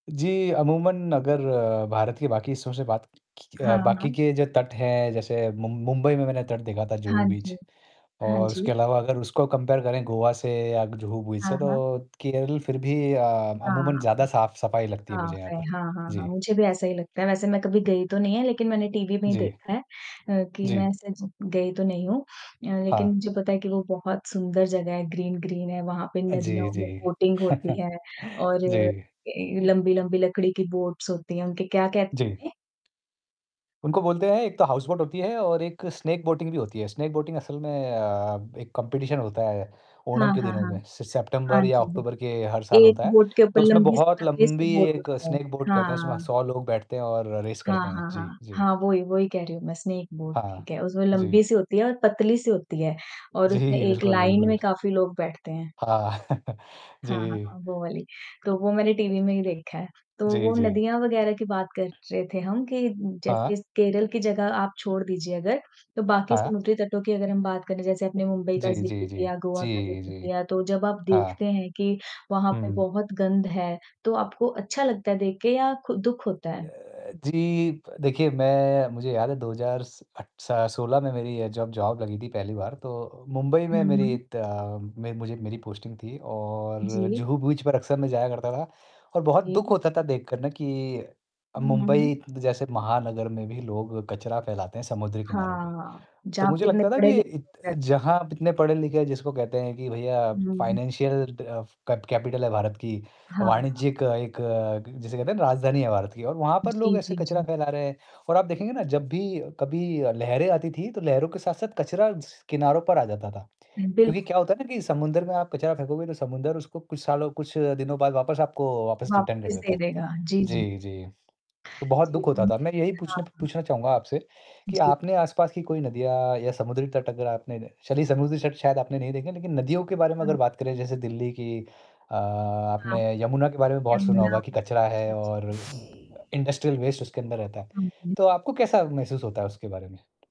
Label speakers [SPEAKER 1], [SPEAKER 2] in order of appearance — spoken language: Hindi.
[SPEAKER 1] जी, अमूमन अगर भारत के बाकी हिस्सों से बात की अ,
[SPEAKER 2] हाँ,
[SPEAKER 1] बाकी
[SPEAKER 2] हाँ।
[SPEAKER 1] के जो तट हैं, जैसे मुंब मुंबई में मैंने तट देखा था
[SPEAKER 2] हाँ
[SPEAKER 1] जुहू बीच
[SPEAKER 2] जी। हाँ
[SPEAKER 1] और उसके
[SPEAKER 2] जी।
[SPEAKER 1] अलावा अगर उसको कंपेयर करें गोवा से या जुहू बीच
[SPEAKER 2] हाँ,
[SPEAKER 1] से
[SPEAKER 2] हाँ।
[SPEAKER 1] तो केरल फिर भी अ, अमूमन
[SPEAKER 2] हाँ,
[SPEAKER 1] ज़्यादा साफ-सफाई लगती है मुझे
[SPEAKER 2] साफ़
[SPEAKER 1] यहाँ
[SPEAKER 2] है।
[SPEAKER 1] पर।
[SPEAKER 2] हाँ, हाँ, हाँ।
[SPEAKER 1] जी।
[SPEAKER 2] मुझे भी ऐसा ही लगता है, वैसे मैं कभी गई तो नहीं है लेकिन मैंने टीवी में ही
[SPEAKER 1] जी।
[SPEAKER 2] देखा है अ, कि मैं
[SPEAKER 1] जी।
[SPEAKER 2] ऐसे ज गई तो नहीं हूँ अ, लेकिन
[SPEAKER 1] हाँ।
[SPEAKER 2] मुझे पता है कि वो बहुत सुंदर जगह है, ग्रीन-ग्रीन है, वहाँ पे
[SPEAKER 1] अ, जी,
[SPEAKER 2] नदियों
[SPEAKER 1] जी।
[SPEAKER 2] में बोटिंग होती है और
[SPEAKER 1] जी।
[SPEAKER 2] के लंबी-लंबी लकड़ी की बोट्स होती हैं, उनके क्या
[SPEAKER 1] जी।
[SPEAKER 2] कहते हैं?
[SPEAKER 1] उनको बोलते हैं एक तो हाउस बोट होती है और एक स्नैक बोटिंग भी होती है, स्नैक बोटिंग असल में अ, एक कॉम्पिटिशन होता है, ओणम
[SPEAKER 2] हाँ,
[SPEAKER 1] के
[SPEAKER 2] हाँ,
[SPEAKER 1] दिनों
[SPEAKER 2] हाँ।
[SPEAKER 1] में सि
[SPEAKER 2] हाँ
[SPEAKER 1] सेप्टेंम्बर या
[SPEAKER 2] जी।
[SPEAKER 1] अक्टूबर के हर साल
[SPEAKER 2] एक
[SPEAKER 1] होता है,
[SPEAKER 2] बोट के
[SPEAKER 1] तो
[SPEAKER 2] ऊपर
[SPEAKER 1] उसमें
[SPEAKER 2] लंबी-सी
[SPEAKER 1] बहुत
[SPEAKER 2] पतली-सी
[SPEAKER 1] लंबी
[SPEAKER 2] बोट
[SPEAKER 1] एक
[SPEAKER 2] होती है।
[SPEAKER 1] स्नैक बोट कहते हैं उसमें
[SPEAKER 2] हाँ।
[SPEAKER 1] 100 लोग बैठते हैं और रेस
[SPEAKER 2] हाँ,
[SPEAKER 1] करते हैं।
[SPEAKER 2] हाँ,
[SPEAKER 1] जी,
[SPEAKER 2] हाँ।
[SPEAKER 1] जी।
[SPEAKER 2] हाँ। वो ही वो ही कह रही हूँ मैं, स्नेक बोट
[SPEAKER 1] हाँ।
[SPEAKER 2] ठीक है, उसमें
[SPEAKER 1] जी।
[SPEAKER 2] लंबी-सी होती है और पतली-सी होती है और
[SPEAKER 1] जी।
[SPEAKER 2] उसमें एक
[SPEAKER 1] बिल्कुल,
[SPEAKER 2] लाइन
[SPEAKER 1] बिल्कुल।
[SPEAKER 2] में काफ़ी लोग बैठते हैं।
[SPEAKER 1] हाँ।
[SPEAKER 2] हाँ, हाँ,
[SPEAKER 1] जी।
[SPEAKER 2] हाँ। वो वाली, तो वो मैंने टीवी में ही देखा है, तो
[SPEAKER 1] जी,
[SPEAKER 2] वो
[SPEAKER 1] जी।
[SPEAKER 2] नदियाँ वग़ैरह की बात कर रहे थे हम कि,
[SPEAKER 1] हाँ।
[SPEAKER 2] जैसे केरल की जगह आप छोड़ दीजिए अगर, तो बाकी
[SPEAKER 1] हाँ।
[SPEAKER 2] समुद्री तटों की अगर हम बात करें, जैसे अपने मुंबई का
[SPEAKER 1] जी,
[SPEAKER 2] ज़िक्र
[SPEAKER 1] जी, जी।
[SPEAKER 2] लिया, गोवा का
[SPEAKER 1] जी,
[SPEAKER 2] ज़िक्र
[SPEAKER 1] जी।
[SPEAKER 2] लिया, तो जब आप
[SPEAKER 1] हाँ।
[SPEAKER 2] देखते हैं कि वहाँ पे
[SPEAKER 1] हुँ।
[SPEAKER 2] बहुत गंध है, तो आपको अच्छा लगता है देख के या खु दुःख
[SPEAKER 1] अ,
[SPEAKER 2] होता है?
[SPEAKER 1] जी, प देखिए मैं मुझे याद है 2 हज़ार स अट स सोलह में मेरी अ, जब जॉब लगी थी पहली बार, तो मुंबई
[SPEAKER 2] हुँ,
[SPEAKER 1] में
[SPEAKER 2] हुँ।
[SPEAKER 1] मेरी ता में मुझे मेरी पोस्टिंग थी और
[SPEAKER 2] जी।
[SPEAKER 1] जुहू बीच पर अक्सर मैं जाया करता था और बहुत दुःख
[SPEAKER 2] जी।
[SPEAKER 1] होता था देखकर ना कि अब
[SPEAKER 2] हुँ, हुँ, हुँ।
[SPEAKER 1] मुंबई जैसे महानगर में भी लोग कचरा फैलाते हैं समुद्र किनारों पे,
[SPEAKER 2] हाँ,
[SPEAKER 1] तो
[SPEAKER 2] जहाँ पे
[SPEAKER 1] मुझे
[SPEAKER 2] इतने
[SPEAKER 1] लगता था
[SPEAKER 2] पढ़े
[SPEAKER 1] कि
[SPEAKER 2] लिखे
[SPEAKER 1] इत
[SPEAKER 2] लोग रहते हैं।
[SPEAKER 1] जहाँ आप इतने पढ़े-लिखे हैं जिसको कहते हैं कि भैया
[SPEAKER 2] हुँ, हुँ।
[SPEAKER 1] फ़ाइनेंशियल दफ़ कैप कैपिटल है भारत की,
[SPEAKER 2] हाँ, हाँ।
[SPEAKER 1] वाणिज्यिक एक क जिसे कहते हैं राजधानी है भारत की और वहाँ पर लोग
[SPEAKER 2] जी,
[SPEAKER 1] ऐसे
[SPEAKER 2] जी,
[SPEAKER 1] कचरा
[SPEAKER 2] जी।
[SPEAKER 1] फैला रहे हैं और आप देखेंगे ना जब भी कभी अ, लहरें आती थी तो लहरों के साथ-साथ कचरा स किनारों पर आ जाता था
[SPEAKER 2] हुँ,
[SPEAKER 1] क्योंकि
[SPEAKER 2] बिल्कुल।
[SPEAKER 1] क्या होता है ना कि समुद्र में आप कचरा फेंकोगे तो समुद्र उसको कुछ सालों कुछ दिनों बाद वापस आपको वापस रिटर्न कर
[SPEAKER 2] वापस
[SPEAKER 1] देता
[SPEAKER 2] दे
[SPEAKER 1] है।
[SPEAKER 2] देगा। जी, जी।
[SPEAKER 1] जी, जी। तो बहुत
[SPEAKER 2] जी,
[SPEAKER 1] दुःख होता
[SPEAKER 2] मैंने
[SPEAKER 1] था,
[SPEAKER 2] भी
[SPEAKER 1] मैं यही
[SPEAKER 2] हाँ,
[SPEAKER 1] पूछने प
[SPEAKER 2] हाँ।
[SPEAKER 1] पूछना चाहूँगा आपसे कि
[SPEAKER 2] जी।
[SPEAKER 1] आपने आस-पास की कोई नदियाँ या समुद्री तट अगर आपने चलिए समुद्री तट शायद आपने नहीं देखे हैं, लेकिन नदियों के बारे में अगर
[SPEAKER 2] हाँ।
[SPEAKER 1] बात करें जैसे दिल्ली की अ,
[SPEAKER 2] हाँ,
[SPEAKER 1] आपने
[SPEAKER 2] हाँ।
[SPEAKER 1] यमुना के बारे में बहुत सुना
[SPEAKER 2] यमुना
[SPEAKER 1] होगा कि कचरा है
[SPEAKER 2] जी, जी।
[SPEAKER 1] और अ, इंडस्ट्रियल वेस्ट उसके अंदर रहता है,
[SPEAKER 2] हाँ जी।
[SPEAKER 1] तो आपको कैसा महसूस होता है उसके बारे में?